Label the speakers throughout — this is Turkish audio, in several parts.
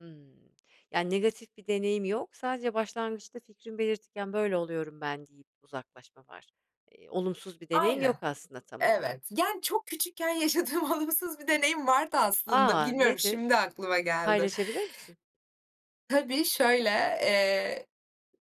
Speaker 1: Hımm. Yani, negatif bir deneyim yok sadece başlangıçta fikrimi belirtirken, "Böyle oluyorum ben." deyip uzaklaşma var. Eee, olumsuz bir deneyim
Speaker 2: Aynen.
Speaker 1: yok aslında tam olarak.
Speaker 2: Evet. Yani, çok küçükken yaşadığım olumsuz bir deneyim vardı aslında.
Speaker 1: A,
Speaker 2: Bilmiyorum, şimdi
Speaker 1: nedir?
Speaker 2: aklıma geldi.
Speaker 1: Paylaşabilir misin?
Speaker 2: Tabii şöyle: Eee,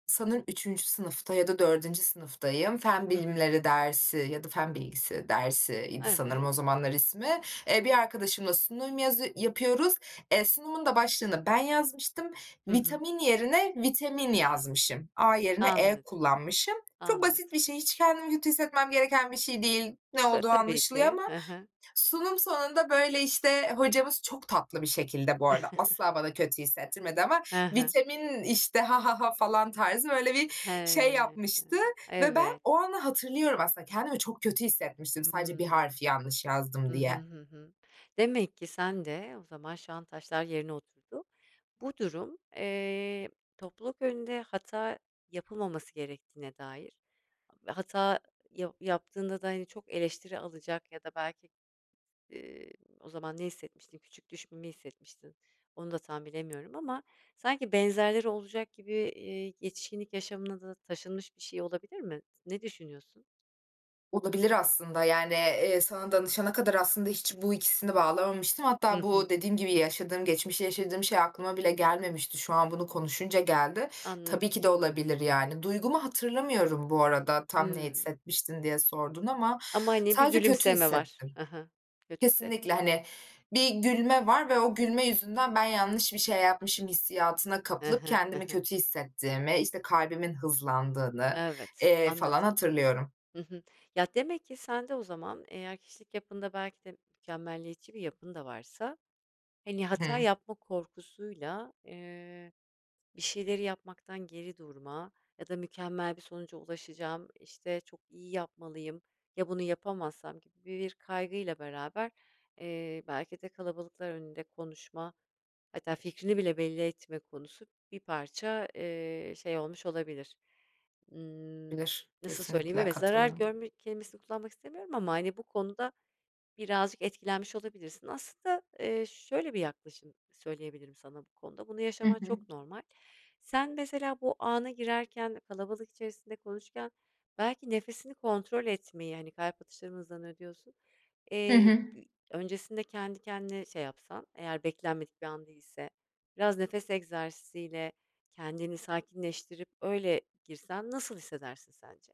Speaker 2: sanırım 3. sınıfta ya da 4. sınıftayım. Fen
Speaker 1: Hı hı.
Speaker 2: bilimleri dersi ya da fen bilgisi dersi idi sanırım o
Speaker 1: Evet.
Speaker 2: zamanlar ismi. Eee, bir arkadaşımla sunum yazı yapıyoruz. Eee, sunumun da başlığını ben yazmıştım.
Speaker 1: Hı hı.
Speaker 2: "Vitamin" yerine "vitemin" yazmışım. A yerine E
Speaker 1: Anladım.
Speaker 2: kullanmışım. Çok basit
Speaker 1: Anladım.
Speaker 2: bir şey, hiç kendimi kötü hissetmem gereken bir şey değil. Ne
Speaker 1: Ta
Speaker 2: olduğu
Speaker 1: tabii
Speaker 2: anlaşılıyor
Speaker 1: ki.
Speaker 2: ama
Speaker 1: Hı hı.
Speaker 2: sunum sonunda, böyle, işte, hocamız çok tatlı bir şekilde bu arada, asla bana kötü hissettirmedi ama,
Speaker 1: Hı hı.
Speaker 2: "Vitemin" işte, "Ha ha ha!" falan tarzı, böyle, bir şey
Speaker 1: He,
Speaker 2: yapmıştı ve ben
Speaker 1: evet.
Speaker 2: o anı hatırlıyorum aslında. Kendimi çok kötü hissetmiştim sadece bir
Speaker 1: Hıı.
Speaker 2: harfi yanlış
Speaker 1: Hı
Speaker 2: yazdım
Speaker 1: hı.
Speaker 2: diye.
Speaker 1: Hı hı. Demek ki sende O zaman şu an taşlar yerine oturdu. Bu durum, eee, topluluk önünde hata yapılmaması gerektiğine dair ve hata yav yaptığında da, hani, çok eleştiri alacak ya da belki, eee O zaman ne hissetmiştin? Küçük düşmeyi hissetmiştin. Onu da tam bilemiyorum ama sanki benzerleri olacak gibi, eee, yetişkinlik yaşamına da taşınmış bir şey olabilir mi? T ne düşünüyorsun?
Speaker 2: Olabilir aslında, yani, eee, sana danışana kadar aslında hiç bu ikisini bağlamamıştım.
Speaker 1: Hı
Speaker 2: Hatta bu
Speaker 1: hı.
Speaker 2: dediğim gibi yaşadığım geçmişte yaşadığım şey aklıma bile gelmemişti. Şu an bunu konuşunca geldi. Tabii
Speaker 1: Anladım.
Speaker 2: ki de olabilir, yani. Duygumu hatırlamıyorum bu arada, "Tam ne
Speaker 1: Hıı.
Speaker 2: hissetmiştin?" diye sordun ama
Speaker 1: Ama, hani, bir
Speaker 2: sadece kötü
Speaker 1: gülümseme var.
Speaker 2: hissettim.
Speaker 1: He he. Kötü hisset
Speaker 2: Kesinlikle, hani, bir gülme var ve o gülme yüzünden "Ben yanlış bir şey yapmışım." hissiyatına
Speaker 1: He
Speaker 2: kapılıp
Speaker 1: he. He
Speaker 2: kendimi
Speaker 1: he.
Speaker 2: kötü hissettiğimi, işte, kalbimin hızlandığını,
Speaker 1: Evet,
Speaker 2: eee,
Speaker 1: anladım.
Speaker 2: falan hatırlıyorum.
Speaker 1: Hı hı. Ya, demek ki sende o zaman eğer kişilik yapında belki de mükemmeliyetçi bir yapın da varsa, hani,
Speaker 2: Hı
Speaker 1: hata
Speaker 2: hı.
Speaker 1: yapma korkusuyla, eee, bir şeyleri yapmaktan geri durma ya da, "Mükemmel bir sonuca ulaşacağım. İşte, çok iyi yapmalıyım. Ya bunu yapamazsam?" gibi bir kaygıyla beraber, eee, belki de kalabalıklar önünde konuşma hatta fikrini bile belli etme konusu bir parça, eee, şey olmuş olabilir. Imm,
Speaker 2: Bilir.
Speaker 1: nasıl söyleyeyim?
Speaker 2: Kesinlikle
Speaker 1: Evet, zarar
Speaker 2: katılıyorum.
Speaker 1: görme kelimesini kullanmak istemiyorum ama, hani, bu konuda birazcık etkilenmiş olabilirsin. Aslında, eee, şöyle bir yaklaşım söyleyebilirim sana bu konuda: Bunu
Speaker 2: Hı
Speaker 1: yaşaman
Speaker 2: hı.
Speaker 1: çok normal. Sen mesela bu ana girerken kalabalık içerisinde konuşurken belki nefesini kontrol etmeyi, hani, kalp atışlarım hızlanıyor diyorsun,
Speaker 2: Hı
Speaker 1: eee,
Speaker 2: hı.
Speaker 1: b öncesinde kendi kendine şey yapsan, eğer beklenmedik bir an değilse, biraz nefes egzersiziyle kendini sakinleştirip öyle girsen nasıl hissedersin sence?